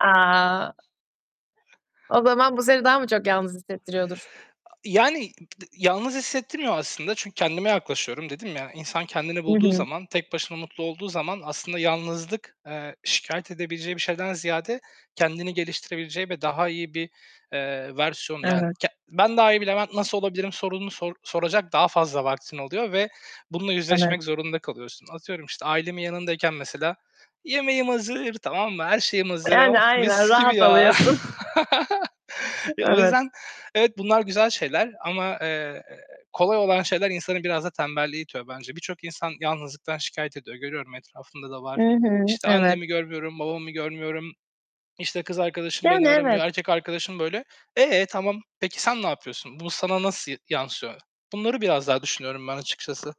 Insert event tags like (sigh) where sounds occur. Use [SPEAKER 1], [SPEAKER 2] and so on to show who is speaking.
[SPEAKER 1] A! O zaman bu seni daha mı çok yalnız hissettiriyordur?
[SPEAKER 2] A yani, b d yalnız hissettirmiyor aslında çünkü kendime yaklaşıyorum. Dedim ya, insan kendini
[SPEAKER 1] Hı
[SPEAKER 2] bulduğu
[SPEAKER 1] hı.
[SPEAKER 2] zaman, tek başına mutlu olduğu zaman aslında yalnızlık, eee, şikâyet edebileceği bir şeyden ziyade kendini geliştirebileceği ve daha iyi bir, eee, versiyonu yani,
[SPEAKER 1] Evet.
[SPEAKER 2] k "Ben daha iyi bilemem, nasıl olabilirim?" sorununu sor soracak daha fazla vaktin oluyor ve bununla
[SPEAKER 1] Evet.
[SPEAKER 2] yüzleşmek zorunda kalıyorsun. Atıyorum işte ailemin yanındayken mesela yemeğim hazır, tamam mı, her şeyim hazır,
[SPEAKER 1] Yani
[SPEAKER 2] oh
[SPEAKER 1] aynen,
[SPEAKER 2] mis gibi
[SPEAKER 1] rahat
[SPEAKER 2] ya.
[SPEAKER 1] oluyorsun.
[SPEAKER 2] (laughs) E, o
[SPEAKER 1] Evet.
[SPEAKER 2] yüzden evet, bunlar güzel şeyler ama, eee, kolay olan şeyler insanı biraz da tembelliğe itiyor bence. Birçok insan yalnızlıktan şikâyet ediyor, görüyorum etrafımda da
[SPEAKER 1] Hı
[SPEAKER 2] var.
[SPEAKER 1] hı,
[SPEAKER 2] İşte,
[SPEAKER 1] evet.
[SPEAKER 2] "Annemi görmüyorum, babamı görmüyorum, işte, kız arkadaşım
[SPEAKER 1] Yani
[SPEAKER 2] beni
[SPEAKER 1] evet.
[SPEAKER 2] aramıyor, erkek arkadaşım böyle." Eee, tamam, peki sen ne yapıyorsun? Bu sana nasıl yansıyor? Bunları biraz daha düşünüyorum ben açıkçası.